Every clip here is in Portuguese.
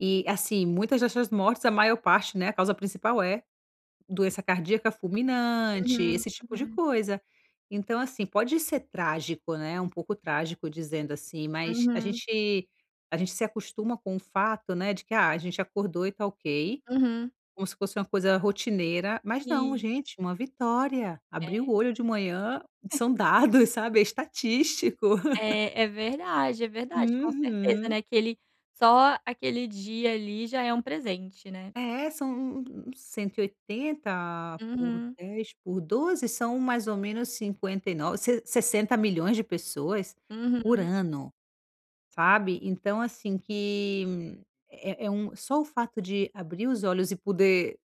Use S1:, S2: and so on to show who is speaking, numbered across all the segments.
S1: E, assim, muitas dessas mortes, a maior parte, né, a causa principal é doença cardíaca fulminante,
S2: Uhum,
S1: esse tipo de
S2: uhum.
S1: coisa. Então, assim, pode ser trágico, né, um pouco trágico, dizendo assim, mas a
S2: Uhum.
S1: gente a gente se acostuma com o fato, né, de que: "Ah, a gente acordou e tá ok."
S2: Uhum.
S1: Como se fosse uma coisa rotineira, mas não.
S2: Sim.
S1: Gente, uma vitória, abrir
S2: É.
S1: o olho de manhã, são dados, sabe, é estatístico.
S2: É, é verdade, é verdade, com certeza, né,
S1: Uhum.
S2: aquele só aquele dia ali já é um presente, né.
S1: É, são u u um 180 por
S2: Uhum.
S1: 10, por 12 são mais ou menos 59 sesse 60.000.000 de pessoas por
S2: Uhum.
S1: ano, sabe. Então, assim, que é é um só o fato de abrir os olhos e poder,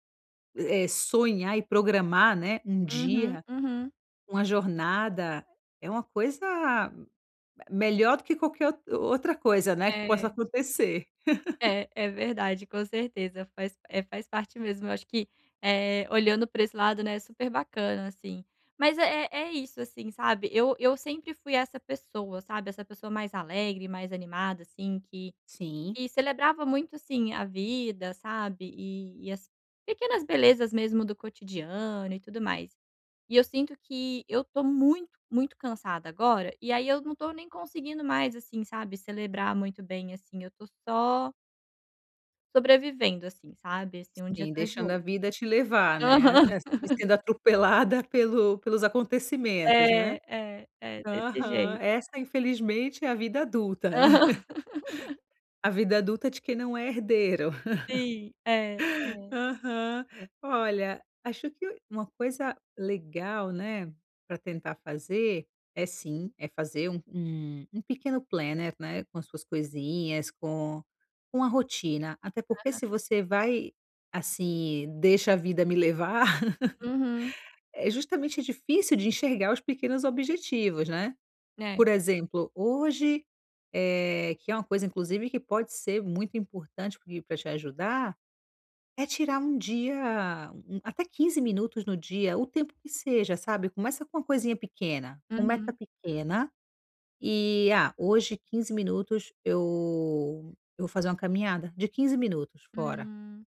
S1: eh, sonhar e programar, né, um
S2: Uhum,
S1: dia,
S2: uhum.
S1: uma jornada é uma coisa m melhor do que qualquer o outra coisa, né, que possa
S2: É.
S1: acontecer.
S2: É, é verdade, com certeza. Faz eh, faz parte mesmo. Eu acho que, eh, olhando para esse lado, né, super bacana, assim. Mas é é isso, assim, sabe, eu eu sempre fui essa pessoa, sabe, essa pessoa mais alegre e mais animada, assim, que
S1: Sim.
S2: que celebrava muito, assim, a vida, sabe, e e as pequenas belezas mesmo do cotidiano e tudo mais. E eu sinto que eu tô muito muito cansada agora e aí eu não tô nem conseguindo mais, assim sabe, celebrar muito bem, assim, eu estou só sobrevivendo, assim sabe, assim, um dia
S1: Sim,
S2: atrás do
S1: deixando a
S2: outro.
S1: vida te levar,
S2: Aham.
S1: né. A e e sendo atropelada pelo pelos acontecimentos, né.
S2: É, é, é desse
S1: Aham,
S2: jeito.
S1: essa infelizmente é a vida adulta.
S2: Aham.
S1: A vida adulta de quem não é herdeiro.
S2: Sim. É. É.
S1: Aham. Olha, acho que uma coisa legal, né, para tentar fazer é, sim, é fazer um um um pequeno planner né, com as suas coisinhas, com com a rotina. Até porque, se
S2: Aham.
S1: você vai, assim, "Deixa a vida me levar",
S2: Uhum.
S1: é justamente difícil de enxergar os pequenos objetivos, né.
S2: É.
S1: Por exemplo, hoje eh, que é uma coisa, inclusive, que pode ser muito importante pra te ajudar, é tirar um dia até 15 minutos no dia, o tempo que seja, sabe, começa com uma coisinha pequena, com meta
S2: Uhum.
S1: pequena, e: "Ah, hoje, 15 minutos, eu eu vou fazer uma caminhada de 15 minutos fora."
S2: Hum.